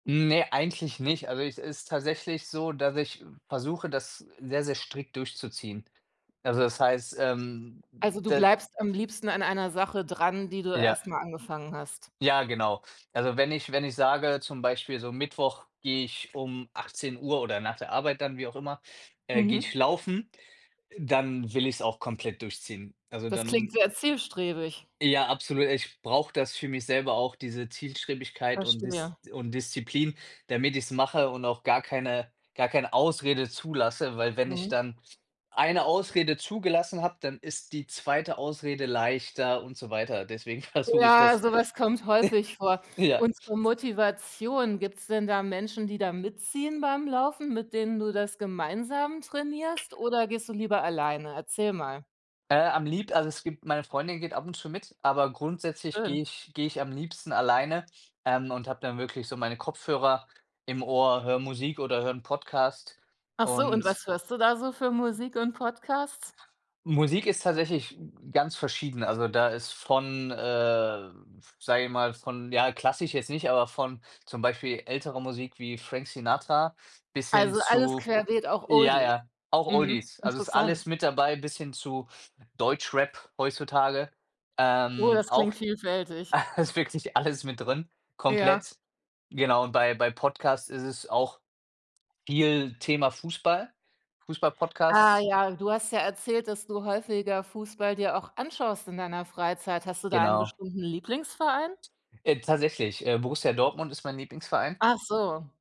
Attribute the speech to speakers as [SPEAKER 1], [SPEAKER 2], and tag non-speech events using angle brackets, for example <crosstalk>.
[SPEAKER 1] Ne, eigentlich nicht. Also, ich es ist tatsächlich so, dass ich v versuche, das sehr, sehr strikt durchzuziehen. Also, das heißt, ähm,
[SPEAKER 2] Also, du
[SPEAKER 1] da
[SPEAKER 2] bleibst am liebsten an einer Sache dran, die du
[SPEAKER 1] Ja.
[SPEAKER 2] erst mal angefangen hast?
[SPEAKER 1] Ja, genau. Also, wenn ich wenn ich sage zum Beispiel so Mittwoch gehe ich um 18:00 oder nach der Arbeit dann, wie auch immer, äh, gehe
[SPEAKER 2] Mhm.
[SPEAKER 1] ich laufen, dann will ich's auch komplett durchziehen. Also,
[SPEAKER 2] Das klingt
[SPEAKER 1] dann
[SPEAKER 2] sehr zielstrebig.
[SPEAKER 1] Ja, absolut. Ich brauche das für mich selber auch, diese Zielstrebigkeit und Dis
[SPEAKER 2] Verstehe.
[SPEAKER 1] und Disziplin, damit ich's mache und auch gar keine gar keine Ausrede zulasse, weil wenn ich
[SPEAKER 2] Mhm.
[SPEAKER 1] dann 1 Ausrede zugelassen habe, dann ist die 2. Ausrede leichter und so weiter. Deswegen versuche ich
[SPEAKER 2] Ja,
[SPEAKER 1] das
[SPEAKER 2] sowas kommt häufig vor.
[SPEAKER 1] <laughs> Ja.
[SPEAKER 2] Und zur Motivation, gibt's denn da Menschen, die da mitziehen beim Laufen, mit denen du das gemeinsam trainierst? Oder gehst du lieber alleine? Erzähl mal.
[SPEAKER 1] Äh, am lieb also, es gibt meine Freundin geht ab und zu mit, aber grundsätzlich
[SPEAKER 2] Schön.
[SPEAKER 1] gehe ich gehe ich am liebsten alleine, ähm, und habe dann wirklich so meine Kopfhörer im Ohr, höre Musik oder höre 'n Podcast
[SPEAKER 2] Ach so, und
[SPEAKER 1] und
[SPEAKER 2] was hörst du da so für Musik und Podcasts?
[SPEAKER 1] Musik ist tatsächlich g ganz verschieden. Also, da ist von, äh, sage ich mal, von ja, klassisch jetzt nicht, aber von zum Beispiel ältere Musik wie Frank Sinatra bis hin
[SPEAKER 2] Also, alles
[SPEAKER 1] zu
[SPEAKER 2] querbeet, auch
[SPEAKER 1] ja,
[SPEAKER 2] Oldies.
[SPEAKER 1] ja, auch
[SPEAKER 2] Mhm,
[SPEAKER 1] Oldies. Also, ist
[SPEAKER 2] interessant.
[SPEAKER 1] alles mit dabei bis hin zu Deutschrap heutzutage.
[SPEAKER 2] Oh,
[SPEAKER 1] Ähm,
[SPEAKER 2] das
[SPEAKER 1] auch
[SPEAKER 2] klingt vielfältig.
[SPEAKER 1] <chuckles> ist wirklich alles mit drin,
[SPEAKER 2] Ja.
[SPEAKER 1] komplett. Genau, und bei bei Podcasts ist es auch viel Thema Fußball, Fußball
[SPEAKER 2] Ah,
[SPEAKER 1] Podcasts
[SPEAKER 2] ja, du hast ja erzählt, dass du häufiger Fußball dir auch anschaust in deiner Freizeit. Hast du da einen
[SPEAKER 1] Genau.
[SPEAKER 2] bestimmten Lieblingsverein?
[SPEAKER 1] Äh, tatsächlich, äh, Borussia Dortmund ist mein Lieblingsverein.
[SPEAKER 2] Ach so.